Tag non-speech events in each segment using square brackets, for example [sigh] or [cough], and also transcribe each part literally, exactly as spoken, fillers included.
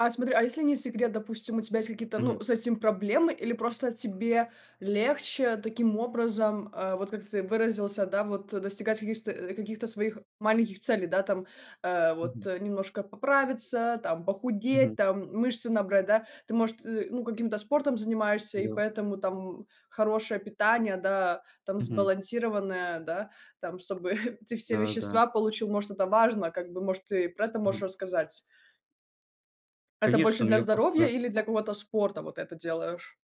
А смотри, а если не секрет, допустим, у тебя есть какие-то, ну, Мгм. с этим проблемы или просто тебе легче таким образом, э, вот как ты выразился, да, вот, э, достигать каких, сто каких-то своих маленьких целей, да, там, э, вот, Мгм. э, немножко поправиться, там, похудеть, Мгм. там, мышцы набрать, да? Ты, может, э, ну, каким-то спортом занимаешься, и Да. поэтому там хорошее питание, да, там, Мгм. сбалансированное, да, там, собы [chuckles] эти все Да-да-да. вещества получил, может, это важно, как бы, может, ты про это можешь Мгм. рассказать? Это больше Конечно, у для меня здоровья просто. или для какого-то спорта, вот это делаешь?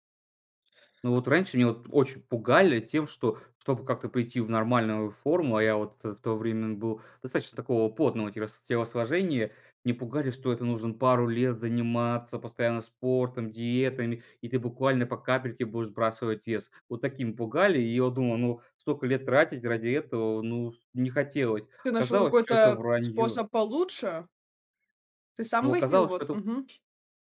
Ну, вот раньше меня очень пугали тем, что, чтобы как-то прийти в нормальную форму. А я вот, э, в то время был достаточно такого плотного тело телосложения. Мне пугали, что это нужно пару лет заниматься постоянно спортом, диетами, и ты буквально по капельке будешь сбрасывать вес. Вот таким пугали. И я вот думал: "Ну, столько лет тратить ради этого, ну, не хотелось". Ты нашёл Оказалось, какой-то, всё это э, враньё. способ получше? Ты Но сам выяснил, оказалось, вот? что это Мгм.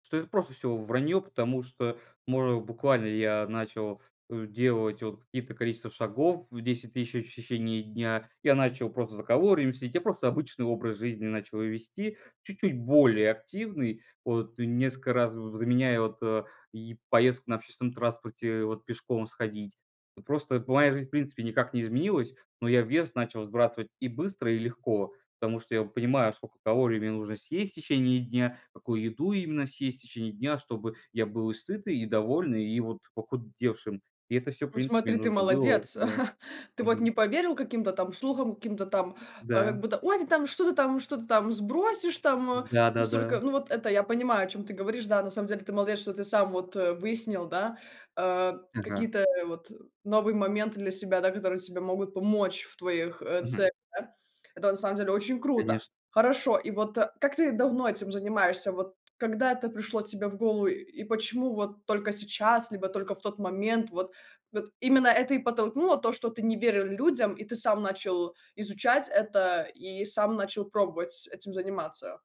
что это просто всё враньё, потому что можно буквально я начал, э, делать вот какие-то количества шагов в десять тысяч в течение дня. Я начал просто за калориями следить, я просто обычный образ жизни начал вести, чуть-чуть более активный, вот несколько раз, в заменяя вот, э, и поездку на общественном транспорте, вот пешком сходить. Вот просто моя жизнь, в принципе, никак не изменилась, но я вес начал сбрасывать и быстро, и легко, потому что я вот понимаю, сколько калорий мне нужно съесть течение дня, какую еду именно съесть течение дня, чтобы я был и сытый, и довольный, и вот похудевшим. И это всё, в Ну принципе, смотри, мне ты нужно было, молодец, да. [chuckles] ты вот не Мгм. поверил каким-то там слухам, каким-то там, э, как Да. будто: "Ой, ты там что-то там, что-то ты там сбросишь там". М, Э, да, да, настолько да. Ну, вот это я понимаю, о чём ты говоришь. Да, на самом деле, ты молодец, что ты сам вот, э, выяснил, да, э, Ага. какие-то, э, вот новые моменты для себя, да, которые тебе могут помочь в твоих, э, Мгм. целях, да? Это, на самом деле, очень круто. Конечно. Хорошо. И вот, э, как ты давно этим занимаешься? Вот когда это пришло тебе в голову? И почему вот только сейчас, либо только в тот момент? Вот. Вот именно это и подтолкнуло- то, что ты не верил людям, и ты сам начал изучать это, и сам начал пробовать этим заниматься.